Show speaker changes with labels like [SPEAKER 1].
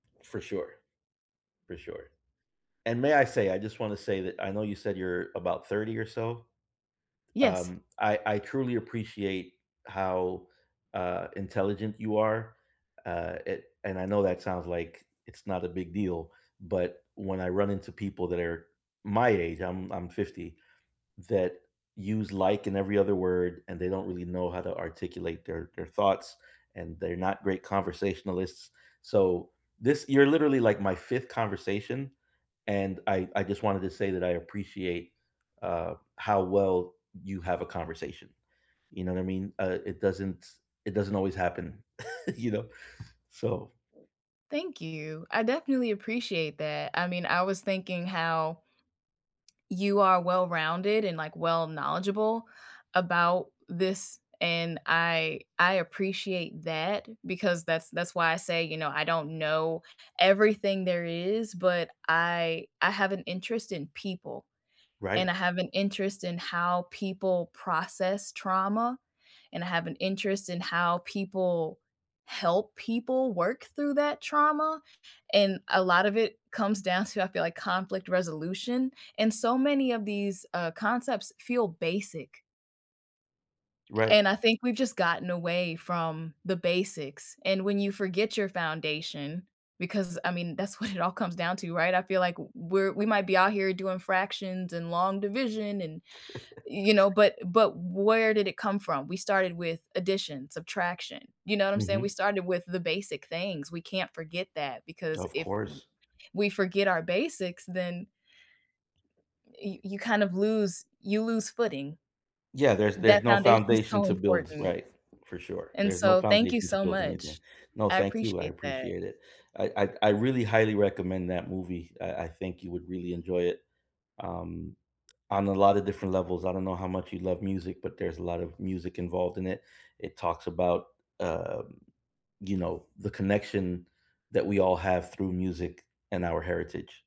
[SPEAKER 1] For sure. For sure. And may I say I just want to say, that I know you said you're about 30 or so.
[SPEAKER 2] Yes.
[SPEAKER 1] Um, I I truly appreciate how, uh, intelligent you are. Uh, a and I know that sounds like it's not a big deal, but when I run into people that are my age, I'm I'm 50, that use like in every other word, and they don't really know how to articulate their their thoughts, and they're not great conversationalists. So, this, you're literally like my 5th conversation, and I I just wanted to say that I appreciate, uh, how well you have a conversation. You know what I mean? Uh, it doesn't it doesn't always happen, you know? So
[SPEAKER 2] Thank you. I definitely appreciate that, I mean, I was thinking how you are well-rounded and, like, well knowledgeable about this, and I I appreciate that, because that's that's why I say, you know, I don't know everything there is, but I I have an interest in people,
[SPEAKER 1] Right.
[SPEAKER 2] and I have an interest in how people process trauma, and I have an interest in how people help people work through that trauma, and a lot of it comes down to, I feel like conflict resolution, and so many of these, uh, concepts feel basic
[SPEAKER 1] Right.
[SPEAKER 2] and I think we've just gotten away from the basics, and when you forget your foundation, because, I mean, that's what it all comes down to, right? I feel like w we're we might be out here doing fractions and long division and, you know, but but where did it come from? We started with addition, subtraction. You know what I'm saying? We
[SPEAKER 1] Mhm.
[SPEAKER 2] started with the basic things. We can't forget that because
[SPEAKER 1] Of
[SPEAKER 2] if w
[SPEAKER 1] course.
[SPEAKER 2] we forget our basics, then y you kind of lose you lose footing.
[SPEAKER 1] Yeah, there's there's
[SPEAKER 2] That
[SPEAKER 1] no
[SPEAKER 2] foundation is
[SPEAKER 1] foundation
[SPEAKER 2] so
[SPEAKER 1] to build,
[SPEAKER 2] important.
[SPEAKER 1] right. For sure.
[SPEAKER 2] And
[SPEAKER 1] There's no
[SPEAKER 2] so, thank you
[SPEAKER 1] foundation to
[SPEAKER 2] so
[SPEAKER 1] build anything.
[SPEAKER 2] much,
[SPEAKER 1] No,
[SPEAKER 2] I
[SPEAKER 1] thank you, I
[SPEAKER 2] appreciate that.
[SPEAKER 1] appreciate it. I I I really highly recommend that movie. I I think you would really enjoy it, um, on a lot of different levels, I don't know how much you love music, but there's a lot of music involved in it. It talks about, um, you know, the connection that we all have through music and our heritage.